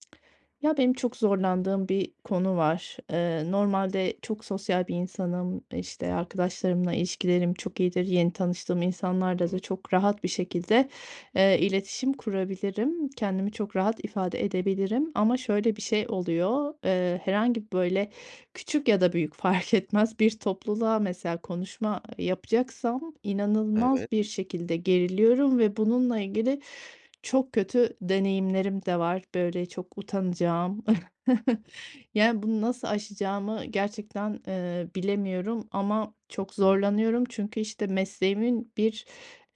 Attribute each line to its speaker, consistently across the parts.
Speaker 1: Ya, benim çok zorlandığım bir konu var. Eee, normalde çok sosyal bir insanım. İşte, arkadaşlarımla ilişkilerim çok iyidir, yeni tanıştığım insanlarla da
Speaker 2: Hı
Speaker 1: çok rahat bir şekilde, eee, iletişim kurabilirim, kendimi çok rahat ifade edebilirim. Ama şöyle bir şey oluyor: Eee, herhangi, böyle, küçük ya da büyük fark etmez bir topluluğa mesela konuşma yapacaksam
Speaker 2: Evet.
Speaker 1: inanılmaz bir şekilde geriliyorum ve bununla ilgili çok kötü deneyimlerim de var, böyle, çok utanacağım. Yani, bunu nasıl aşacağımı gerçekten, eee, bilemiyorum ama çok
Speaker 2: Hı hı.
Speaker 1: zorlanıyorum. Çünkü, işte, mesleğimin bir,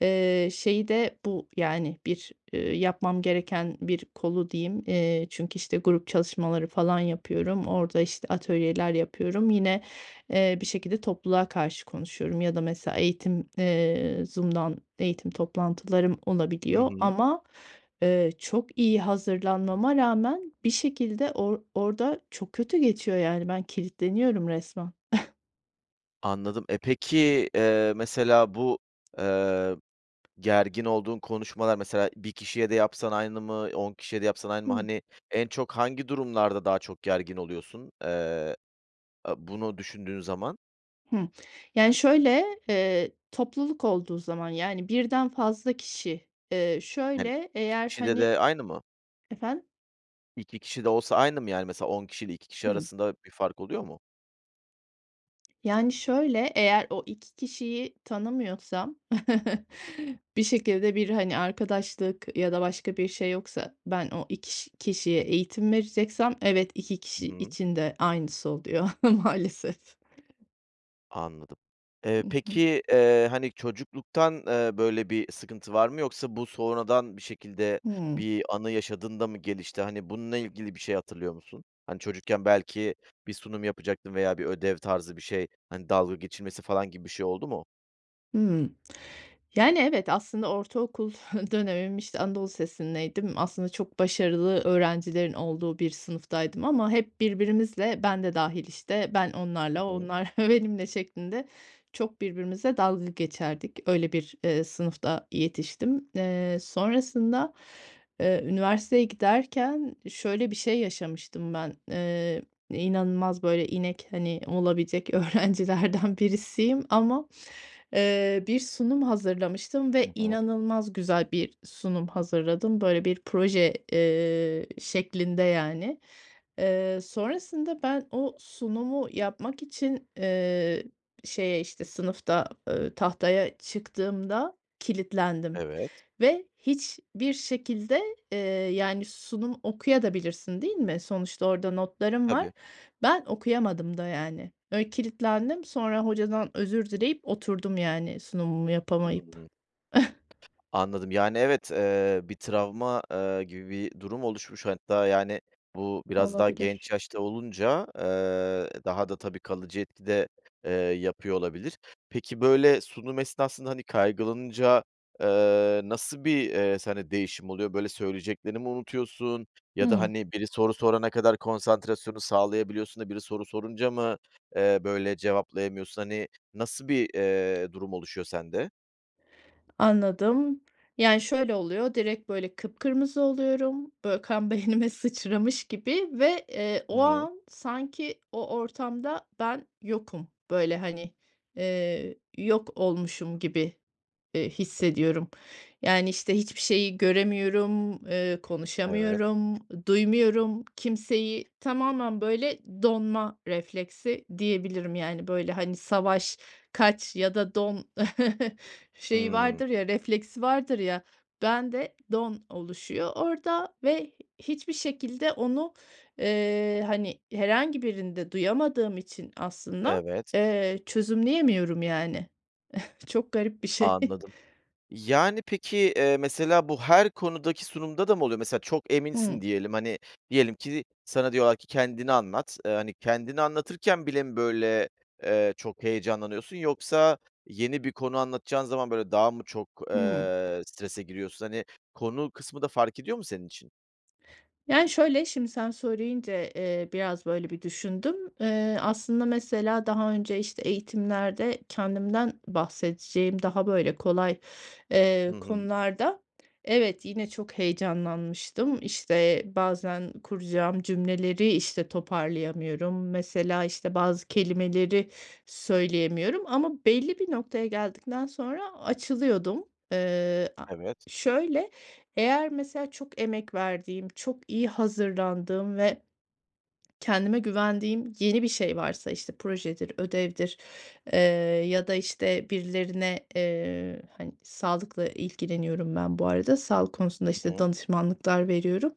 Speaker 1: eee, şeyi de bu, yani, bir, eee, yapmam gereken bir kolu diyeyim. Eee, çünkü, işte, grup çalışmaları falan yapıyorum, orada, işte, atölyeler yapıyorum. Yine, eee, bir şekilde topluluğa karşı konuşuyorum ya da mesela eğitim, eee, Zoom’dan eğitim toplantılarım
Speaker 2: Hı
Speaker 1: olabiliyor
Speaker 2: hı.
Speaker 1: ama, eee, çok iyi hazırlanmama rağmen bir şekilde or orada çok kötü geçiyor, yani, ben kilitleniyorum resmen.
Speaker 2: Anladım. E, peki, eee, mesela, bu, eee, gergin olduğun konuşmalar, mesela, 1 kişiye de yapsan aynı mı, 10 kişiye de yapsan aynı mı?
Speaker 1: Hı
Speaker 2: Hani, en çok hangi durumlarda daha çok gergin oluyorsun, eee, eee, bunu düşündüğün zaman?
Speaker 1: Hı. Yani, şöyle, eee, topluluk olduğu zaman, yani, 1'den fazla kişi. Eee,
Speaker 2: Hani,
Speaker 1: şöyle,
Speaker 2: 2
Speaker 1: eğer,
Speaker 2: kişide
Speaker 1: hani
Speaker 2: de aynı mı?
Speaker 1: Efendim?
Speaker 2: 2 kişi de olsa aynı mı, yani? Mesela 10 kişiyle 2 kişi
Speaker 1: Hı.
Speaker 2: arasında bir fark oluyor mu?
Speaker 1: Yani, şöyle, eğer o 2 kişiyi tanımıyorsam, bir şekilde bir, hani, arkadaşlık ya da başka bir şey yoksa ben o 2 kişiye eğitim vereceksem, evet, 2
Speaker 2: Hı
Speaker 1: kişi
Speaker 2: hı.
Speaker 1: için de aynısı oluyor maalesef.
Speaker 2: Anladım. Eee,
Speaker 1: Hı hı.
Speaker 2: peki, eee, hani, çocukluktan, eee, böyle, bir sıkıntı var mı yoksa bu sonradan bir şekilde
Speaker 1: Hıı.
Speaker 2: bir anı yaşadığında mı gelişti? Hani, bununla ilgili bir şey hatırlıyor musun? Hani, çocukken belki bir sunum yapacaktın veya bir ödev tarzı bir şey, hani, dalga geçilmesi falan gibi bir şey oldu mu?
Speaker 1: Hımm. Yani, evet, aslında ortaokul dönemim, işte, anadolu lisesindeydim, aslında çok başarılı öğrencilerin olduğu bir sınıftaydım ama hep birbirimizle ben de dâhil, işte, ben onlarla o
Speaker 2: Hı hı.
Speaker 1: onlar benimle şeklinde çok birbirimizle dalga geçerdik. Öyle bir, eee, sınıfta yetiştim. Eee, sonrasında, eee, üniversiteye giderken şöyle bir şey yaşamıştım ben, eee, inanılmaz, böyle, inek, hani, olabilecek öğrencilerden birisiyim ama, eee, bir sunum hazırlamıştım
Speaker 2: Hı
Speaker 1: ve
Speaker 2: hı.
Speaker 1: inanılmaz güzel bir sunum hazırladım. Böyle, bir proje, eee, şeklinde, yani. Eee, sonrasında ben o sunumu yapmak için, eee, şeye, işte, sınıfta, eee, tahtaya çıktığımda kilitlendim
Speaker 2: Evet.
Speaker 1: ve hiçbir şekilde, eee, yani, sunum okuyabilirsin de, değil mi? Sonuçta orada notlarım var.
Speaker 2: Tabii.
Speaker 1: Ben okuyamadım da yani. Öyle kilitlendim, sonra hocadan özür dileyip oturdum, yani, sunumumu yapamayıp.
Speaker 2: Hıı. Anladım. Yani, evet, eee, bir travma, eee, gibi bir durum oluşmuş hatta, yani, bu biraz daha
Speaker 1: Olabilir.
Speaker 2: genç yaşta olunca, eee, daha da tabii kalıcı etki de, eee, yapıyor olabilir. Peki, böyle, sunum esnasında, hani, kaygılanınca, eee, nasıl bir, eee, sende değişim oluyor? Böyle, söyleyeceklerini mi unutuyorsun? Ya da,
Speaker 1: Hı.
Speaker 2: hani, biri soru sorana kadar konsantrasyonu sağlayabiliyorsun da biri soru sorunca mı, eee, böyle, cevaplayamıyorsun, hani, nasıl bir, eee, durum oluşuyor sende?
Speaker 1: Anladım, yani, şöyle oluyor, direkt, böyle, kıpkırmızı oluyorum. Böyle, kan beynime sıçramış gibi ve, eee,
Speaker 2: Hı
Speaker 1: o
Speaker 2: hı.
Speaker 1: an sanki o ortamda ben yokum. Böyle, hani, eee, yok olmuşum gibi, eee, hissediyorum. Yani, işte, hiçbir şeyi göremiyorum, eee,
Speaker 2: Evet.
Speaker 1: konuşamıyorum, duymuyorum kimseyi. Tamamen, böyle, donma refleksi diyebilirim. Yani, böyle, hani, savaş, kaç ya da don şeyi
Speaker 2: Hıı.
Speaker 1: vardır ya, refleksi vardır ya. Bende don oluşuyor orada ve h hiçbir şekilde onu, eee, hani, herhangi birinde duyamadığım için aslında,
Speaker 2: Evet.
Speaker 1: eee, çözümleyemiyorum, yani. Çok garip bir şey.
Speaker 2: Anladım. Yani, peki, eee, mesela bu her konudaki sunumda da mı oluyor? Mesela çok eminsin
Speaker 1: Hıı.
Speaker 2: diyelim, hani, diyelim ki, sana diyorlar ki: "Kendini anlat." Eee, hani, kendini anlatırken bile mi, böyle, eee, çok heyecanlanıyorsun, yoksa yeni bir konu anlatacağın zaman, böyle, daha mı çok,
Speaker 1: Hıı.
Speaker 2: eee, strese giriyorsun? Hani, konu kısmı da fark ediyor mu senin için?
Speaker 1: Yani, şöyle, şimdi sen söyleyince, eee, biraz böyle bir düşündüm. Eee, aslında mesela daha önce, işte, eğitimlerde kendimden bahsedeceğim daha, böyle, kolay,
Speaker 2: Hı
Speaker 1: eee,
Speaker 2: hı.
Speaker 1: konularda, evet, yine çok heyecanlanmıştım. İşte, bazen kuracağım cümleleri, işte, toparlayamıyorum. Mesela, işte, bazı kelimeleri söyleyemiyorum ama belli bir noktaya geldikten sonra açılıyordum. Eee, a
Speaker 2: Evet.
Speaker 1: şöyle, eğer mesela çok emek verdiğim, çok iyi hazırlandığım ve kendime güvendiğim yeni bir şey varsa, işte, projedir, ödevdir, eee, ya da, işte, birilerine, eee, hani, sağlıkla ilgileniyorum ben bu arada, sağlık konusunda,
Speaker 2: [unintelligible]
Speaker 1: işte,
Speaker 2: Hı.
Speaker 1: danışmanlıklar veriyorum.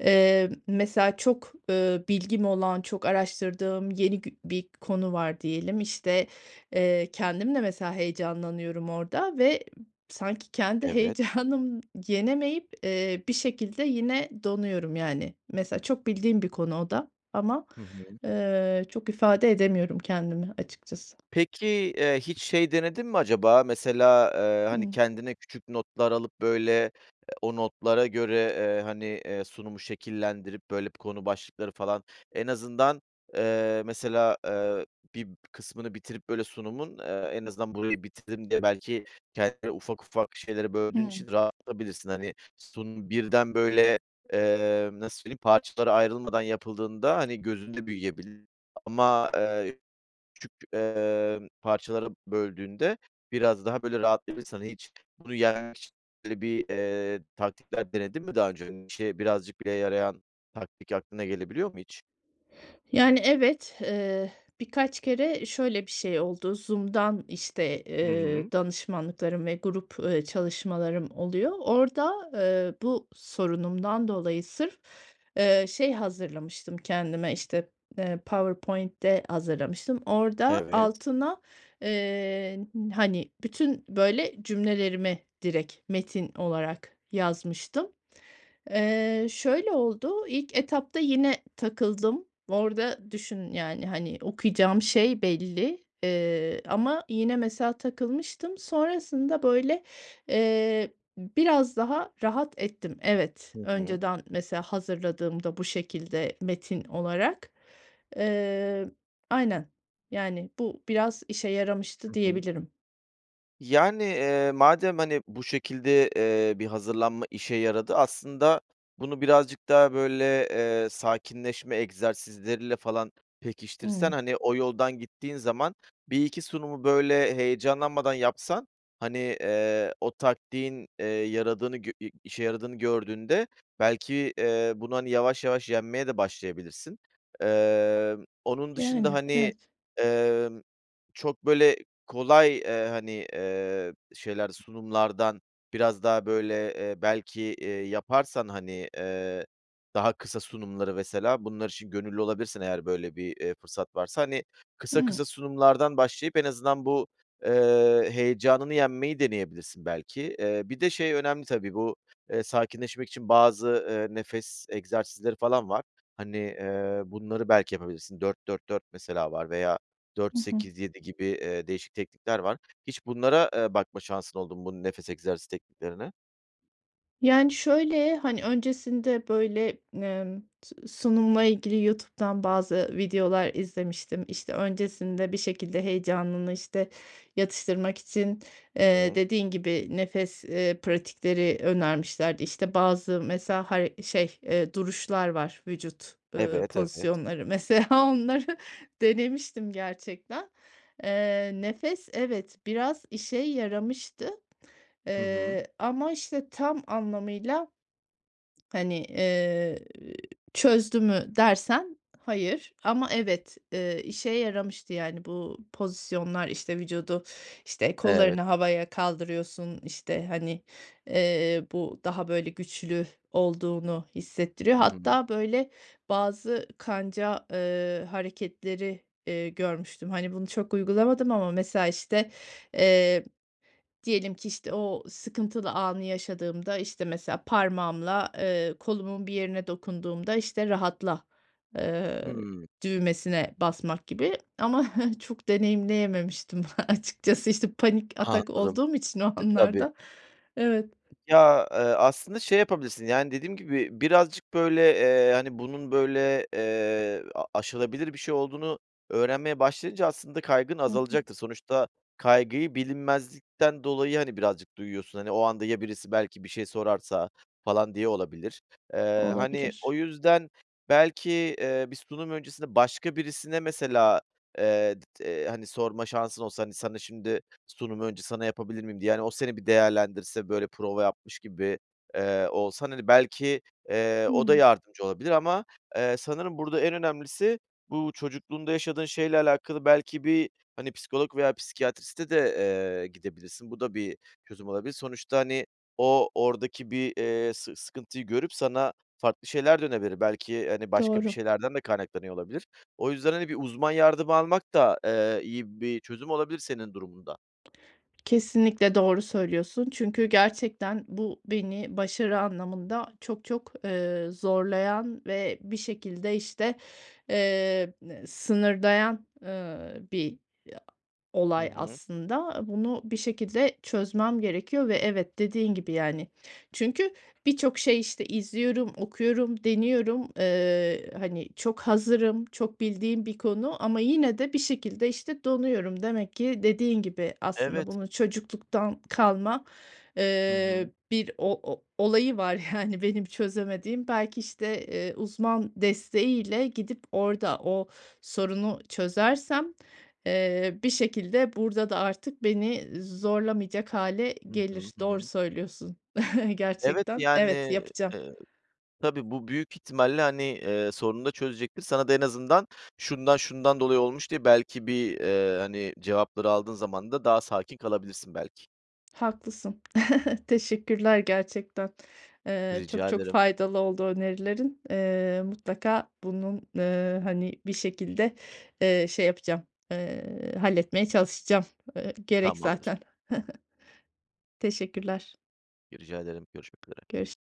Speaker 1: Eee, mesela çok, eee, bilgim olan, çok araştırdığım yeni gü bir konu var diyelim. İşte, eee, kendim de mesela heyecanlanıyorum orada ve sanki kendi
Speaker 2: Evet.
Speaker 1: heyecanım yenemeyip, eee, bir şekilde yine donuyorum, yani. Mesela çok bildiğim bir konu o da ama,
Speaker 2: Hı hı.
Speaker 1: eee, çok ifade edemiyorum kendimi açıkçası.
Speaker 2: Peki, eee, hiç şey denedin mi acaba? Mesela, eee, hani,
Speaker 1: Hıı.
Speaker 2: kendine küçük notlar alıp, böyle, ııı, o notlara göre, eee, hani, eee, sunumu şekillendirip, böyle, bir konu başlıkları falan, en azından, eee, mesela, eee, bir kısmını bitirip, böyle, sunumun, eee, en azından burayı bitirdim diye, belki kendini ufak ufak şeylere böldüğün
Speaker 1: Hıı.
Speaker 2: için rahatlatabilirsin. Hani, sunum birden, böyle, emm, nasıl söyleyeyim, parçalara ayrılmadan yapıldığında, hani, gözünde büyüyebilir ama, eee, küçük, emm, parçalara böldüğünde biraz daha, böyle, rahatlayabilirsin. Hani, hiç bunu yenmek için, böyle, bir, eee, taktikler denedin mi daha önce? Hani, işine birazcık bile yarayan taktik aklına gelebiliyor mu hiç?
Speaker 1: Yani, evet, eee, birkaç kere şöyle bir şey oldu: Zoom’dan, işte,
Speaker 2: Hı hı.
Speaker 1: eee, danışmanlıklarım ve grup, eee, çalışmalarım oluyor. Orada, eee, bu sorunumdan dolayı sırf, eee, şey hazırlamıştım kendime, işte, eee, PowerPoint’te hazırlamıştım. Orada
Speaker 2: Evet.
Speaker 1: altına, eee, n hani, bütün, böyle, cümlelerimi direkt metin olarak yazmıştım. Eee, şöyle oldu, ilk etapta yine takıldım. Orada düşün, yani, hani, okuyacağım şey belli, eee, ama yine mesela takılmıştım. Sonrasında, böyle, eee, ı biraz daha rahat ettim. Evet,
Speaker 2: Hı hı.
Speaker 1: önceden mesela hazırladığımda bu şekilde metin olarak. Eee, aynen, yani, bu biraz işe yaramıştı,
Speaker 2: Hı hı.
Speaker 1: diyebilirim.
Speaker 2: Yani, eee, madem, hani, bu şekilde, eee, bir hazırlanma işe yaradı, aslında bunu birazcık daha, böyle, eee, sakinleşme egzersizleriyle falan pekiştirsen,
Speaker 1: Hıı.
Speaker 2: hani, o yoldan gittiğin zaman, 1-2 sunumu, böyle, heyecanlanmadan yapsan, hani, eee, o taktiğin, eee, yaradığını, gö i işe yaradığını gördüğünde, belki, eee, bunu, hani, yavaş yavaş yenmeye de başlayabilirsin. Emm, onun dışında,
Speaker 1: Yani,
Speaker 2: hani,
Speaker 1: evet.
Speaker 2: emm, çok, böyle, kolay, eee, hani, eee, şeyler, sunumlardan biraz daha, böyle, eee, belki, eee, yaparsan, hani, eee, daha kısa sunumları mesela, bunlar için gönüllü olabilirsen eğer, böyle, bir, eee, fırsat varsa, hani, kısa
Speaker 1: Hıı.
Speaker 2: kısa sunumlardan başlayıp en azından bu, eee, heyecanını yenmeyi deneyebilirsin belki. Eee, bir de şey önemli tabii, bu, eee, sakinleşmek için bazı, eee, nefes egzersizleri falan var. Hani, eee, bunları belki yapabilirsin, 4-4-4 mesela var veya dört
Speaker 1: Hı hı.
Speaker 2: sekiz yedi gibi, eee, değişik teknikler var. Hiç bunlara, eee, bakma şansın oldu mu, bu nefes egzersiz tekniklerine?
Speaker 1: Yani, şöyle, hani, öncesinde, böyle, emm, s sunumla ilgili YouTube’dan bazı videolar izlemiştim. İşte, öncesinde bir şekilde heyecanını, işte, yatıştırmak için,
Speaker 2: I
Speaker 1: eee,
Speaker 2: hı.
Speaker 1: dediğin gibi, nefes, eee, pratikleri önermişlerdi. İşte, bazı mesela har şey, eee, duruşlar var, vücut, ııı,
Speaker 2: Evet, evet.
Speaker 1: pozisyonları, mesela onları denemiştim gerçekten. Eee, nefes, evet, biraz işe yaramıştı,
Speaker 2: Hı hı.
Speaker 1: eee, ama, işte, tam anlamıyla, hani, eee, çözdü mü dersen, hayır. Ama, evet, eee, işe yaramıştı, yani, bu pozisyonlar, işte, vücudu, işte,
Speaker 2: Evet.
Speaker 1: kollarını havaya kaldırıyorsun. İşte, hani, eee, bu daha, böyle, güçlü olduğunu hissettiriyor.
Speaker 2: Hı hı.
Speaker 1: Hatta, böyle, bazı kanca, eee, hareketleri, eee, görmüştüm. Hani, bunu çok uygulamadım ama mesela, işte, eee, diyelim ki, işte, o sıkıntılı anı yaşadığımda, işte, mesela parmağımla, eee, kolumun bir yerine dokunduğumda, işte, rahatla, eee,
Speaker 2: Hımm.
Speaker 1: düğmesine basmak gibi ama, çok deneyimleyememiştim açıkçası, işte panik
Speaker 2: Aha,
Speaker 1: atak
Speaker 2: anladım.
Speaker 1: olduğum için o
Speaker 2: E, tabii.
Speaker 1: anlarda. Evet.
Speaker 2: Ya, eee, aslında, şey yapabilirsin, yani, dediğim gibi, birazcık, böyle, eee, hani, bunun, böyle, eee, a aşılabilir bir şey olduğunu öğrenmeye başlayınca, aslında kaygın
Speaker 1: Hı hı.
Speaker 2: azalacaktır. Sonuçta kaygıyı bilinmezlikten dolayı, hani, birazcık duyuyorsun, hani, o anda ya birisi belki bir şey sorarsa falan diye olabilir. Eee, hani, o
Speaker 1: Olabilir.
Speaker 2: yüzden belki, eee, bir sunum öncesinde başka birisine mesela, eee,, [unintelligible] eee, hani, sorma şansın olsa, hani, sana şimdi, “Sunumu önce sana yapabilir miyim?” diye, yani, o seni bir değerlendirse, böyle, prova yapmış gibi, eee, olsan, hani, belki, eee, o da
Speaker 1: Hıı.
Speaker 2: yardımcı olabilir ama, eee, sanırım burada en önemlisi bu çocukluğunda yaşadığın şeyle alakalı belki bir, hani, psikolog veya psikiyatriste de, eee, gidebilirsin. Bu da bir çözüm olabilir. Sonuçta, hani, o oradaki bir, eee, sı sıkıntıyı görüp sana farklı şeyler de [unintelligible] Belki, hani, başka bir
Speaker 1: Doğru.
Speaker 2: şeylerden de kaynaklanıyor olabilir. O yüzden, hani, bir uzman yardımı almak da, eee, iyi bir çözüm olabilir senin durumunda.
Speaker 1: Kesinlikle, doğru söylüyorsun. Çünkü gerçekten bu, beni başarı anlamında çok çok, eee, zorlayan ve bir şekilde, işte, emm, eee, sınırlayan, eee, bir
Speaker 2: Hı
Speaker 1: olay
Speaker 2: hı.
Speaker 1: aslında. Bunu bir şekilde çözmem gerekiyor ve, evet, dediğin gibi yani. Çünkü birçok şey, işte, izliyorum, okuyorum, deniyorum, eee, hani, çok hazırım, çok bildiğim bir konu ama yine de bir şekilde, işte, donuyorum. Demek ki dediğin gibi, aslında
Speaker 2: Evet.
Speaker 1: bunu çocukluktan kalma,
Speaker 2: Hı
Speaker 1: eee,
Speaker 2: hı.
Speaker 1: bir o o olayı var, yani, benim çözemediğim. Belki, işte, eee, uzman desteğiyle gidip orada o sorunu çözersem, eee, bir şekilde burada da artık beni zorlamayacak hâle
Speaker 2: Hı hı,
Speaker 1: gelir.
Speaker 2: Hı
Speaker 1: Doğru
Speaker 2: hı.
Speaker 1: söylüyorsun.
Speaker 2: Evet,
Speaker 1: Gerçekten.
Speaker 2: yani,
Speaker 1: Evet, yapacağım.
Speaker 2: eee, tabii, bu büyük ihtimalle, hani, eee, sorunu da çözecektir. Sana da en azından "Şundan, şundan dolayı olmuş." diye belki bir, eee, hani, cevapları aldığın zaman da daha sakin kalabilirsin belki.
Speaker 1: Haklısın. Teşekkürler, gerçekten. Eee, çok
Speaker 2: Rica
Speaker 1: çok
Speaker 2: ederim.
Speaker 1: faydalı oldu önerilerin. Eee, mutlaka bunun, eee, hani, bir şekilde, eee, şey yapacağım, eee, halletmeye çalışacağım. Eee, gerek
Speaker 2: Tamamdır.
Speaker 1: zaten. Teşekkürler.
Speaker 2: Rica ederim. Görüşmek üzere.
Speaker 1: Görüş